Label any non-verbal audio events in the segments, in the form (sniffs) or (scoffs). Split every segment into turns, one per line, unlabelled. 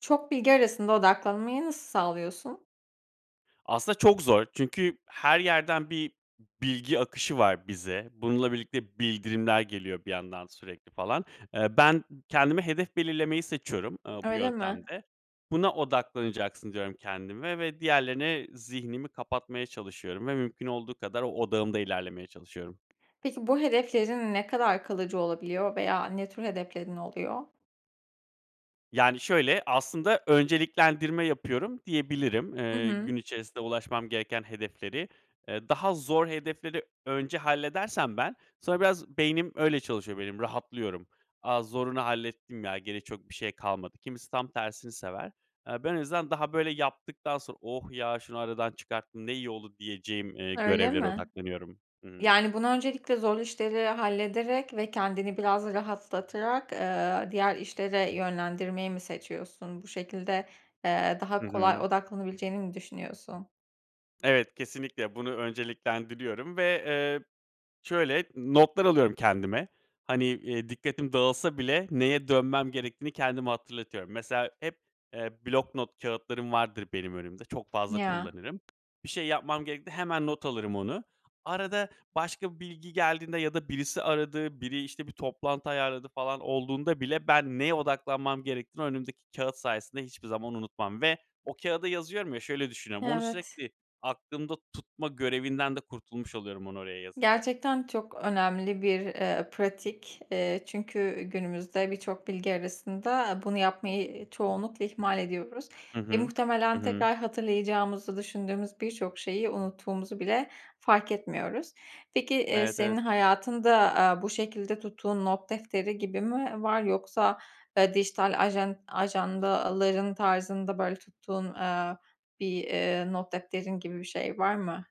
Çok bilgi arasında odaklanmayı nasıl sağlıyorsun?
Aslında çok zor. Çünkü her yerden bir bilgi akışı var bize. Bununla birlikte bildirimler geliyor bir yandan sürekli, falan. Eee, ben kendime hedef belirlemeyi seçiyorum, eee, bu
Öyle mi?
yöntemde. Buna odaklanacaksın, diyorum kendime ve diğerlerine zihnimi kapatmaya çalışıyorum ve mümkün olduğu kadar o odağımda ilerlemeye çalışıyorum.
Peki bu hedeflerin ne kadar kalıcı olabiliyor veya ne tür hedeflerin oluyor?
Yani, şöyle, aslında önceliklendirme yapıyorum diyebilirim.
Hı
Eee, gün
hı.
içerisinde ulaşmam gereken hedefleri, eee, daha zor hedefleri önce halledersem ben, sonra biraz beynim öyle çalışıyor benim. Rahatlıyorum, a, zorunu hallettim ya, geri çok bir şey kalmadı. Kimisi tam tersini sever. Eee, ben en azından daha, böyle, yaptıktan sonra oh, ya, şunu aradan çıkarttım, ne iyi oldu diyeceğim, eee,
Öyle
görevlere
mi?
odaklanıyorum. Hı.
Yani, bunu öncelikle zorlu işleri hallederek ve kendini biraz rahatlatarak, eee, diğer işlere yönlendirmeyi mi seçiyorsun? Bu şekilde, eee, daha
Hı
kolay
hı.
odaklanabileceğini mi düşünüyorsun?
Evet, kesinlikle. Bunu önceliklendiriyorum ve, eee, şöyle, notlar alıyorum kendime; hani, eee, dikkatim dağılsa bile neye dönmem gerektiğini kendime hatırlatıyorum. Mesela hep, eee, bloknot kâğıtlarım vardır benim önümde. Çok fazla
Ya.
kullanırım. Bir şey yapmam gerektiğinde hemen not alırım onu. Arada başka bir bilgi geldiğinde ya da birisi aradı, biri, işte, bir toplantı ayarladı falan olduğunda bile ben neye odaklanmam gerektiğini önümdeki kâğıt sayesinde hiçbir zaman unutmam ve o kâğıda yazıyorum ya, şöyle düşünüyorum. Onu
Evet.
sürekli aklımda tutma görevinden de kurtulmuş oluyorum onu oraya yazınca.
Gerçekten çok önemli bir, eee, pratik. Eee, çünkü günümüzde birçok bilgi arasında bunu yapmayı çoğunlukla ihmal ediyoruz.
Hı
Eee,
hı. Hı
muhtemelen
hı.
tekrar hatırlayacağımızı düşündüğümüz birçok şeyi unuttuğumuzu bile fark etmiyoruz. Peki, eee,
Evet, evet.
senin hayatında, aaa, bu şekilde tuttuğun not defteri gibi mi v var? Yoksa, eee, dijital ajan ajandaların tarzında, böyle, tuttuğun, eee, bir, eee, not defterin gibi bir şey var mı?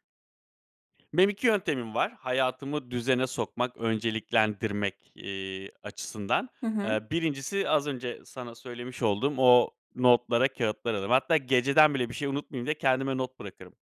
Benim 2 yöntemim var hayatımı düzene sokmak ve önceliklendirmek, eee, açısından.
Hı hı.
Eee, 1'incisi az önce sana söylemiş olduğum o notlara, kâğıtlara (unintelligible) Hatta geceden bile bir şey unutmayayım diye kendime not bırakırım.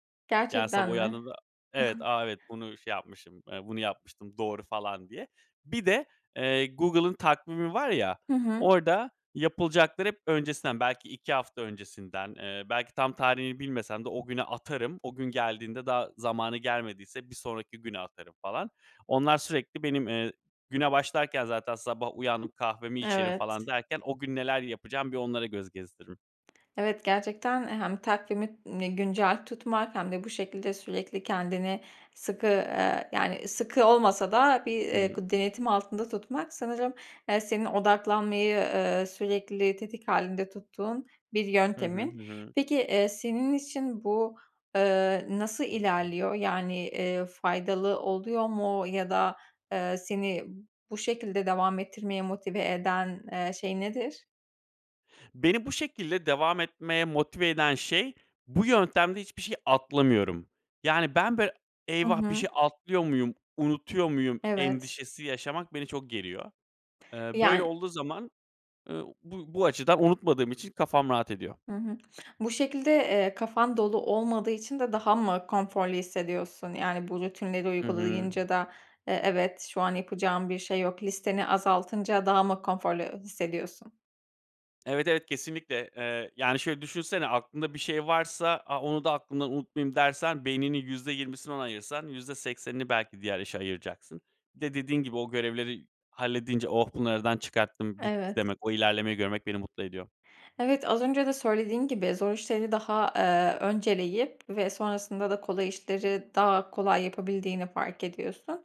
Yani, sabah
Gerçekten mi?
uyandığımda Evet,
(scoffs)
"A, evet ,bunu şey yapmışım, eee, bunu yapmıştım. Doğru." falan diye. Bir de, eee, Google'ın takvimi var ya,
Hı hı.
orada yapılacakları hep öncesinden, belki 2 hafta öncesinden, eee, belki tam tarihini bilmesem de o güne atarım. O gün geldiğinde daha zamanı gelmediyse bir sonraki güne atarım falan. Onlar sürekli benim, eee Güne başlarken zaten sabah uyandım, kahvemi içerim falan
Evet.
derken o gün neler yapacağım, bir onlara göz gezdiririm.
Evet, gerçekten hem takvimini güncel tutmak hem de bu şekilde sürekli kendini sıkı, eee, yani, sıkı olmasa da bir, eee,
(unintelligible)
gı denetim altında tutmak sanırım, eee, senin odaklanmayı, eee, sürekli tetik hâlinde tuttuğun bir
Hı hı.
yöntemin.
Hı hı.
Peki, eee, senin için bu, eee, nasıl ilerliyor? Yani, eee, faydalı oluyor mu ya da, eee, seni bu şekilde devam ettirmeye motive eden, eee, şey nedir?
Beni bu şekilde devam etmeye motive eden şey, bu yöntemde hiçbir şey atlamıyorum. Yani ben böyle
Hı
"Eyvah! Bir şey
hı.
atlıyor muyum, unutuyor muyum?"
Evet.
endişesi yaşamak beni çok geriyor. Eee, böyle
Yani
olduğu zaman, ııı, bu bu açıdan unutmadığım için kafam rahat ediyor.
Hı hı. Bu şekilde, eee, kafan dolu olmadığı için de daha mı konforlu hissediyorsun? Yani bu rutinleri
Hı hı.
uygulayınca da, eee, "Evet, şu an yapacağım bir şey yok.", listeni azaltınca daha mı konforlu hissediyorsun?
Evet, evet, kesinlikle. Eee, yani şöyle düşünsene: Aklında bir şey varsa, a "Onu da aklımda unutmayayım." dersen, beyninin %20'sini ona ayırsan %80 'ini belki diğer işe ayıracaksın. Bir de dediğin gibi, o görevleri halledince "Oh, bunu aradan çıkarttım, bitti."
Evet.
demek, o ilerlemeyi görmek beni mutlu ediyor.
Evet, az önce de söylediğin gibi, zor işleri daha, eee, önceleyip ve sonrasında da kolay işleri daha kolay yapabildiğini fark ediyorsun.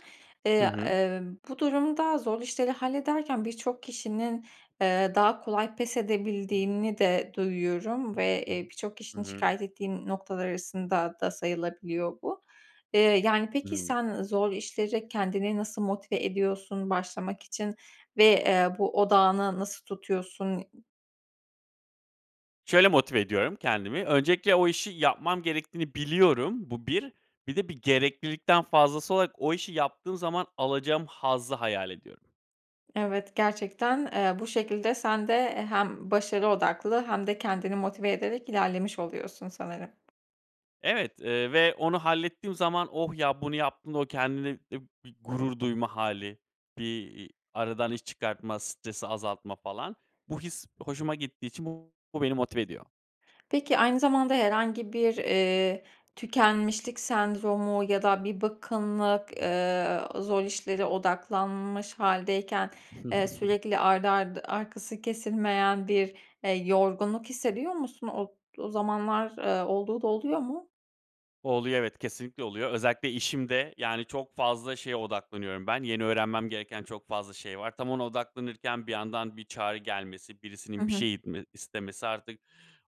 Hı
Eee,
hı.
ııı, bu durumda zor işleri hallederken birçok kişinin, eee, daha kolay pes edebildiğini de duyuyorum ve, eee, birçok
Hı
kişinin
hı.
şikâyet ettiği noktalar arasında da sayılabiliyor bu. Eee, yani peki
Hımm.
sen zor işlere kendini nasıl motive ediyorsun başlamak için ve, eee, bu odağını nasıl tutuyorsun?
Şöyle motive ediyorum kendimi, öncelikle o işi yapmam gerektiğini biliyorum. Bu bir. Bir de bir gereklilikten fazlası olarak o işi yaptığım zaman alacağım hazzı hayal ediyorum.
Evet, gerçekten, eee, bu şekilde sen de, eee, hem başarı odaklı hem de kendini motive ederek ilerlemiş oluyorsun sanırım.
Evet, eee, ve onu hallettiğim zaman, oh, ya, bunu yaptığımda o kendinle bi bir gurur duyma hâli, bir, iii, aradan iş çıkartma, stresi azaltma falan, bu his hoşuma gittiği için bu beni motive ediyor.
Peki, aynı zamanda herhangi bir, eee, tükenmişlik sendromu ya da bir bıkkınlık, eee, zor işlere odaklanmış hâldeyken, eee,
(chuckles)
sürekli art arda, arkası kesilmeyen bir, eee, yorgunluk hissediyor musun? O o zamanlar, eee, olduğu da oluyor mu?
Oluyor, evet, kesinlikle oluyor. Özellikle işimde, yani, çok fazla şeye odaklanıyorum ben, yeni öğrenmem gereken çok fazla şey var. Tam ona odaklanırken bir yandan bir çağrı gelmesi,
Hı
birisinin bir
hı.
şey itme istemesi, artık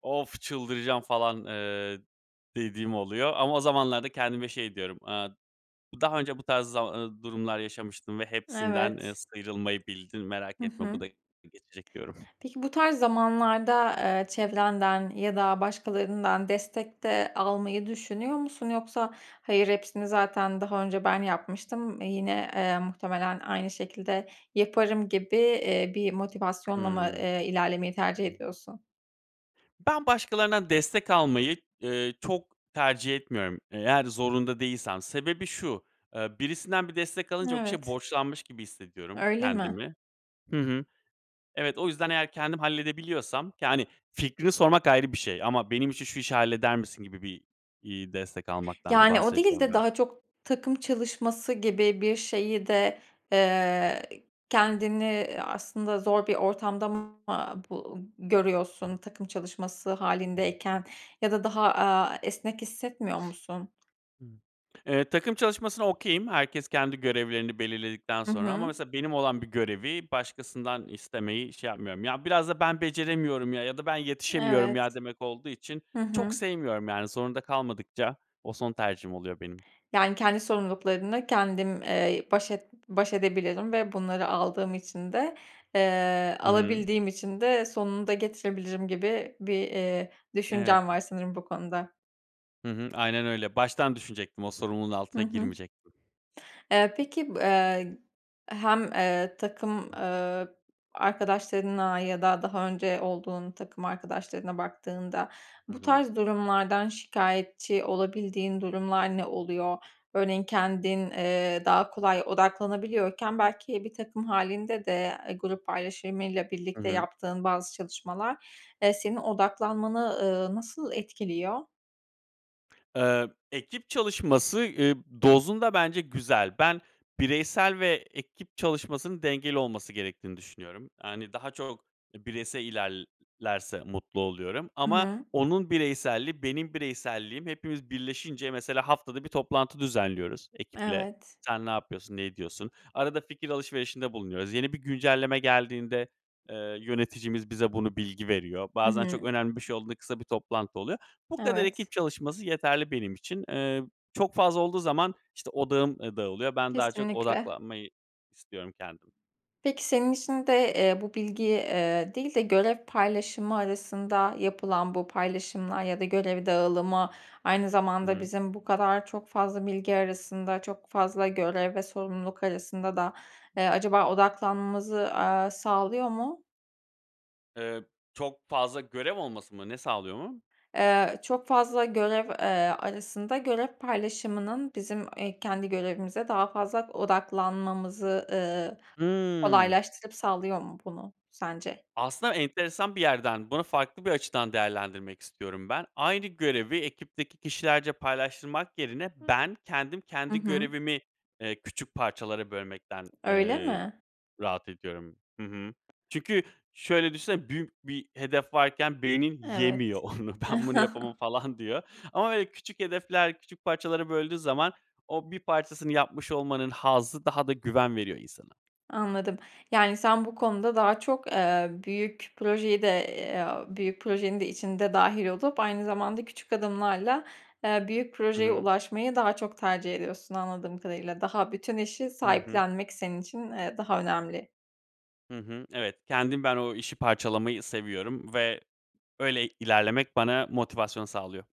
of, çıldıracağım falan, eee, dediğim oluyor ama o zamanlarda kendime şey diyorum, eee, daha önce bu tarz zama eee, durumlar yaşamıştın ve hepsinden, eee,
Evet.
sıyrılmayı bildin, merak
Hı
etme, bu
hı.
da geçecek diyorum.
Peki, bu tarz zamanlarda, eee, çevrenden ya da başkalarından destek de almayı düşünüyor musun? Yoksa hayır, hepsini zaten daha önce ben yapmıştım, eee, yine, eee, muhtemelen aynı şekilde yaparım gibi, eee, bir motivasyonla mı,
Hıı.
eee, ilerlemeyi tercih ediyorsun?
Ben, başkalarından destek almayı, eee, çok tercih etmiyorum, eğer zorunda değilsem. Sebebi şu; eee, birisinden bir destek alınca o kişiye
Evet.
borçlanmış gibi hissediyorum
Öyle mi?
kendimi. Hı hı. Evet, o yüzden eğer kendim halledebiliyorsam, yani, fikrini sormak ayrı bir şey ama, "Benim için şu işi halleder misin?" gibi bir, iii, destek almaktan
Yani, o değil
bahsediyorum
de
ben.
daha çok takım çalışması gibi bir şeyi de, eee, kendini aslında zor bir ortamda mı, aaa, bu görüyorsun takım çalışması hâlindeyken ya da daha, aaa, esnek hissetmiyor musun?
(sniffs) Hıı. Eee, takım çalışmasına okay'im. Herkes kendi görevlerini belirledikten
Hı
sonra ama
hı.
mesela benim olan bir görevi başkasından istemeyi şey yapmıyorum. Ya, biraz da ben beceremiyorum ya ya da ben yetişemiyorum
Evet.
ya demek olduğu için
Hı
çok
hı.
sevmiyorum. Yani, zorunda kalmadıkça o son tercihim oluyor benim.
Yani, kendi sorumluluklarını kendim, eee, baş et baş edebilim ve bunları aldığım için de, eee,
Hı hı.
alabildiğim için de sonunu da getirebilirim gibi bir, eee,
Evet.
düşüncen var sanırım bu konuda.
Hı hı, aynen öyle baştan düşünecektim, o sorumluluğun
Hı
altına
hı.
girmeyecektim.
Eee, peki b eee, hem, eee, takım, eee, arkadaşlarına ya da daha önce olduğun takım arkadaşlarına baktığında,
Hı
bu
hı.
tarz durumlardan şikâyetçi olabildiğin durumlar ne oluyor? Örneğin kendin, eee, daha kolay odaklanabiliyorken belki bir takım hâlinde de, eee, grup paylaşımıyla
Hı
birlikte
hı.
yaptığın bazı çalışmalar, eee, senin odaklanmanı, ııı, nasıl etkiliyor?
Eee, ekip çalışması, ıııı, dozunda bence güzel. Ben bireysel ve ekip çalışmasının dengeli olması gerektiğini düşünüyorum. Yani daha çok bireysel ilerlerse mutlu oluyorum
Hı
ama
hı.
onun bireyselliği benim bireyselliğim hepimiz birleşince mesela haftada 1 toplantı düzenliyoruz ekiple.
Evet.
Sen ne yapıyorsun, ne ediyorsun? Arada fikir alışverişinde bulunuyoruz. Yeni bir güncelleme geldiğinde, eee, yöneticimiz bize bunu bilgi veriyor.
Hı
Bazen çok
hı.
önemli bir şey olduğunda kısa bir toplantı oluyor. Bu kadar ekip
Evet.
çalışması yeterli benim için, eee, çok fazla olduğu zaman işte odağım, ııı, dağılıyor. Ben daha çok
Kesinlikle.
odaklanmayı istiyorum kendim.
Peki senin için de, eee, bu bilgiyi, eee, değil de görev paylaşımı arasında yapılan bu paylaşımlar ya da görev dağılımı aynı
Hı
zamanda
hı.
bizim bu kadar çok fazla bilgi arasında, çok fazla görev ve sorumluluk arasında da, eee, acaba odaklanmamızı, aaa, sağlıyor mu?
Eee, çok fazla görev olması mı? Ne sağlıyor mu?
Eee, çok fazla görev, eee, arasında görev paylaşımının bizim, eee, kendi görevimize daha fazla odaklanmamızı, ııı,
Hı.
kolaylaştırıp sağlıyor mu, bunu sence?
Aslında enteresan bir yerden bunu farklı bir açıdan değerlendirmek istiyorum ben. Aynı görevi ekipteki kişilerce paylaştırmak yerine ben kendim,
Hı
kendi
hı.
görevimi, eee, küçük parçalara bölmekten,
Öyle
eee,
mi?
rahat ediyorum. Hı hı. Çünkü şöyle düşünsene, büyük bir hedef varken beynin
Evet.
yemiyor onu ben bunu yapamam
(chuckles)
falan diyor ama böyle küçük hedefler, küçük parçalara böldüğü zaman o bir parçasını yapmış olmanın hazzı daha da güven veriyor insana.
Anladım. Yani sen bu konuda daha çok, eee, büyük projeyi de, eee, büyük projenin de içinde dâhil olup aynı zamanda küçük adımlarla, eee, büyük
Hı
projeye
hı.
ulaşmayı daha çok tercih ediyorsun anladığım kadarıyla. Daha bütün işi
Hı hı.
sahiplenmek senin için, eee, daha önemli.
Hı hı, evet. Kendim, ben o işi parçalamayı seviyorum ve böyle ilerlemek bana motivasyon sağlıyor.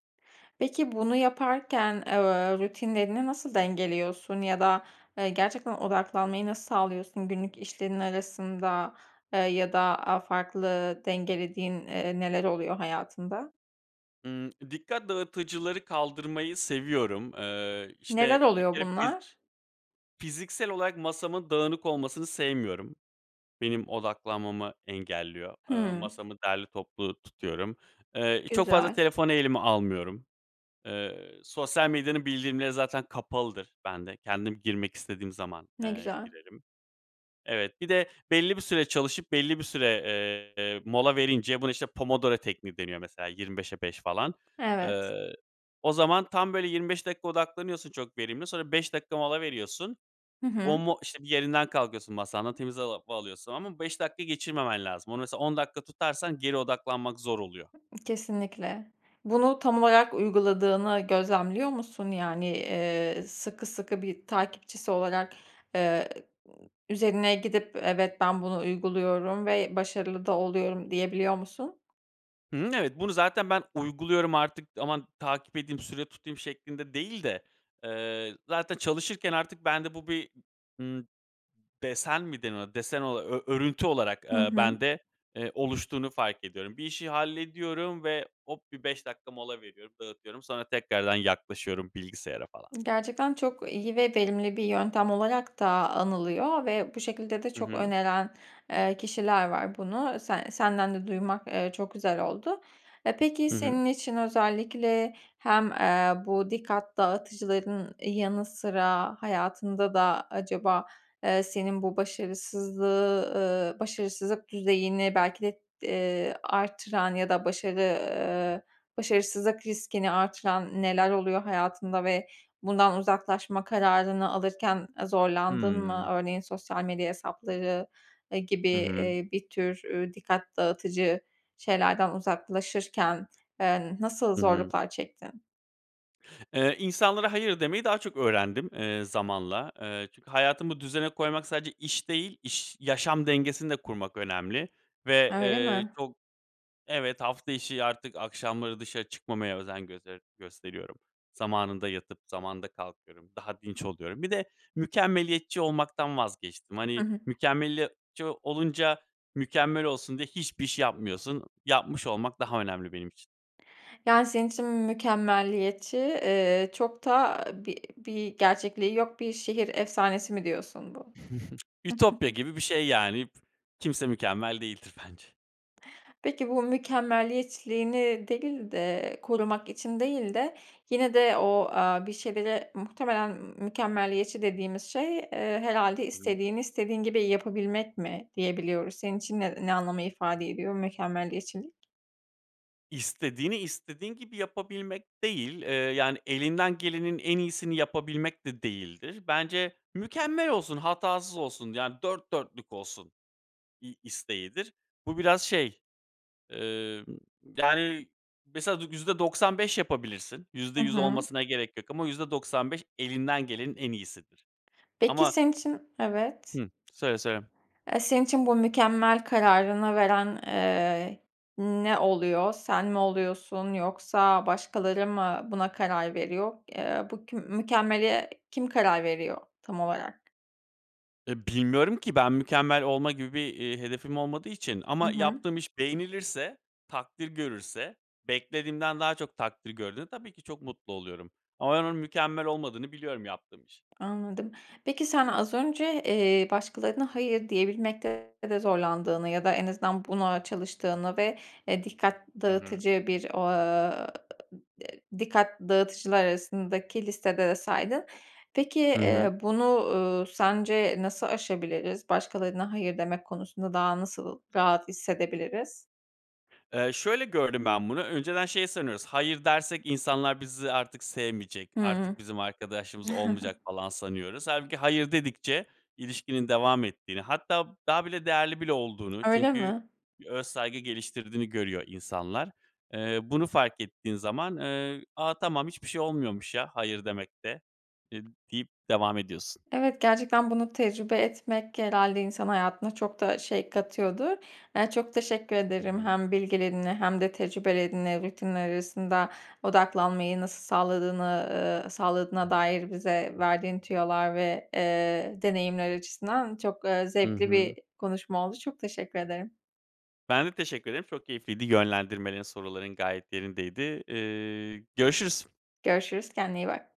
Peki bunu yaparken, eee, uuu, ııı, rutinlerini nasıl dengeliyorsun ya da, eee, gerçekten odaklanmayı nasıl sağlıyorsun günlük işlerinin arasında? Eee, ya da, aaa, farklı, dengelediğin, eee, neler oluyor hayatında?
Imm. Dikkat dağıtıcıları kaldırmayı seviyorum, eee,
Neler
işte, bir
oluyor
kere fiz
bunlar?
fiziksel olarak masamın dağınık olmasını sevmiyorum. Benim odaklanmamı engelliyor. Eee,
Hıı.
masamı derli toplu tutuyorum. Eee, çok fazla
Güzel.
telefonu elime almıyorum. Eee, sosyal medyanın bildirimleri zaten kapalıdır bende. Kendim girmek istediğim zaman,
Ne
eee,
güzel.
girerim. Evet. Bir de belli bir süre çalışıp belli bir süre, eee, mola verince buna işte, Pomodoro tekniği deniyor mesela 25'e 5 falan.
Evet.
Iıı, o zaman tam böyle 25 dakika odaklanıyorsun çok verimli. Sonra 5 dakika mola veriyorsun.
Hı
O
hı.
mu işte, yerinden kalkıyorsun, masandan, temiz hava va alıyorsun ama 5 dakika geçirmemen lazım. Onu mesela 10 dakika tutarsan geri odaklanmak zor oluyor.
Kesinlikle. Bunu tam olarak uyguladığını gözlemliyor musun? Yani, ııı, sıkı sıkı bir takipçisi olarak, ııı, ııı, üzerine gidip "Evet, ben bunu uyguluyorum ve başarılı da oluyorum." diyebiliyor musun?
Hı hı, evet. Bunu zaten ben uyguluyorum artık, aman takip edeyim, süre tutayım şeklinde değil de, eee, zaten çalışırken artık bende bu bir, ımm, desen mi denir, desen ola ör örüntü olarak,
Hı
eee,
hı.
bende, eee, oluştuğunu fark ediyorum. Bir işi hallediyorum ve hop, bir 5 dakika mola veriyorum, dağıtıyorum. Sonra tekrardan yaklaşıyorum bilgisayara, falan.
Gerçekten çok iyi ve verimli bir yöntem olarak da anılıyor ve bu şekilde de
Hı
çok
hı.
öneren, eee, kişiler var bunu. Se senden de duymak, eee, çok güzel oldu. E, peki,
Hı hı.
senin için özellikle hem, eee, bu dikkat dağıtıcıların yanı sıra hayatında da acaba, eee, senin bu başarısızlığı, ııı, başarısızlık düzeyini belki de, eee, arttıran ya da başarı, ııı, başarısızlık riskini arttıran neler oluyor hayatında ve bundan uzaklaşma kararını alırken, eee, zorlandın mı?
Hımm.
Örneğin, sosyal medya hesapları, eee, gibi,
Hı hı.
eee, bir tür, eee, dikkat dağıtıcı şeylerden uzaklaşırken, eee, nasıl
Hı hı.
zorluklar çektin?
Eee, insanlara hayır demeyi daha çok öğrendim, eee, zamanla. Eee, çünkü hayatımı düzene koymak sadece iş değil, iş yaşam dengesini de kurmak önemli ve,
Öyle
eee,
mi?
çok Evet, hafta içi artık akşamları dışarı çıkmamaya özen göster gösteriyorum. Zamanında yatıp zamanında kalkıyorum, daha dinç oluyorum. Bir de mükemmeliyetçi olmaktan vazgeçtim.
Hı
Hani,
hı.
mükemmeliyetçi olunca mükemmel olsun diye hiçbir iş yapmıyorsun. Yapmış olmak daha önemli benim için.
Yani, senin için mükemmeliyetçi, eee, çok da bir bir gerçekliği yok, bir şehir efsanesi mi diyorsun bu?
(chuckles) Ütopya gibi bir şey yani, kimse mükemmel değildir bence.
Peki, bu mükemmeliyetçiliğini değil de, korumak için değil de, yine de o, aaa, bir şeylere, muhtemelen, mükemmeliyetçi dediğimiz şey, eee, herhâlde
(unintelligible)
istediğini istediğin gibi yapabilmek mi diyebiliyoruz. Senin için ne ne anlamı ifade ediyor, mükemmeliyetçilik?
İstediğini, istediğin gibi yapabilmek değil, eee, yani, elinden gelenin en iyisini yapabilmek de değildir. Bence, mükemmel olsun, hatasız olsun, yani, dört dörtlük olsun, iii, isteğidir. Bu biraz şey emm, yani, mesela, y yüzde doksan beş yapabilirsin. yüzde
Hı
yüz
hı.
olmasına gerek yok ama %95 elinden gelenin en iyisidir.
Peki,
Ama
senin için Evet.
Hımm. Söyle, söyle.
Eee, senin için bu mükemmel kararını veren, eee, ne oluyor? Sen mi oluyorsun yoksa başkaları mı buna karar veriyor? Eee, bu kü mükemmele kim karar veriyor tam olarak?
E, bilmiyorum ki, ben mükemmel olma gibi bir, iii, hedefim olmadığı için
Hı
ama
hı.
yaptığım iş beğenilirse, takdir görürse, beklediğimden daha çok takdir gördüğünde, tabii ki çok mutlu oluyorum ama ben onun mükemmel olmadığını biliyorum yaptığım işin.
Anladım. Peki, sen, az önce, eee, başkalarına hayır diyebilmekte de zorlandığını ya da en azından buna çalıştığını ve, eee, dikkat
Hı hı.
dağıtıcı bir, o ııı, dikkat dağıtıcılar arasındaki listede de saydın. Peki,
I hı.
eee, bunu, uuu, sence nasıl aşabiliriz? Başkalarına hayır demek konusunda daha nasıl rahat hissedebiliriz?
Eee, şöyle gördüm ben bunu önceden şey sanıyoruz, hayır dersek insanlar bizi artık sevmeyecek,
Hıı.
artık bizim arkadaşlığımız
(chuckles)
olmayacak, falan, sanıyoruz. Hâlbuki hayır dedikçe ilişkinin devam ettiğini, hatta, daha bile değerli bile olduğunu
Öyle
çünkü
mi?
bir öz saygı geliştirdiğini görüyor insanlar. Eee, bunu fark ettiğin zaman, eee, ”A, tamam! Hiçbir şey olmuyormuş ya, hayır demekte.”, eee, deyip devam ediyorsun.
Evet, gerçekten bunu tecrübe etmek genelde insan hayatına çok da şey katıyordur. Eee, çok teşekkür
Hı
ederim.
hı.
Hem bilgilerinle hem de tecrübelerinle rutinler arasında odaklanmayı nasıl sağladığını, ııı, sağladığına dair bize verdiğin tüyolar ve, eee, deneyimler açısından çok, eee,
I
zevkli
hı.
bir konuşma oldu. Çok teşekkür ederim.
Ben de teşekkür ederim, çok keyifliydi. Yönlendirmelerin, soruların gayet yerindeydi. Eee, görüşürüz.
Görüşürüz, kendine iyi bak.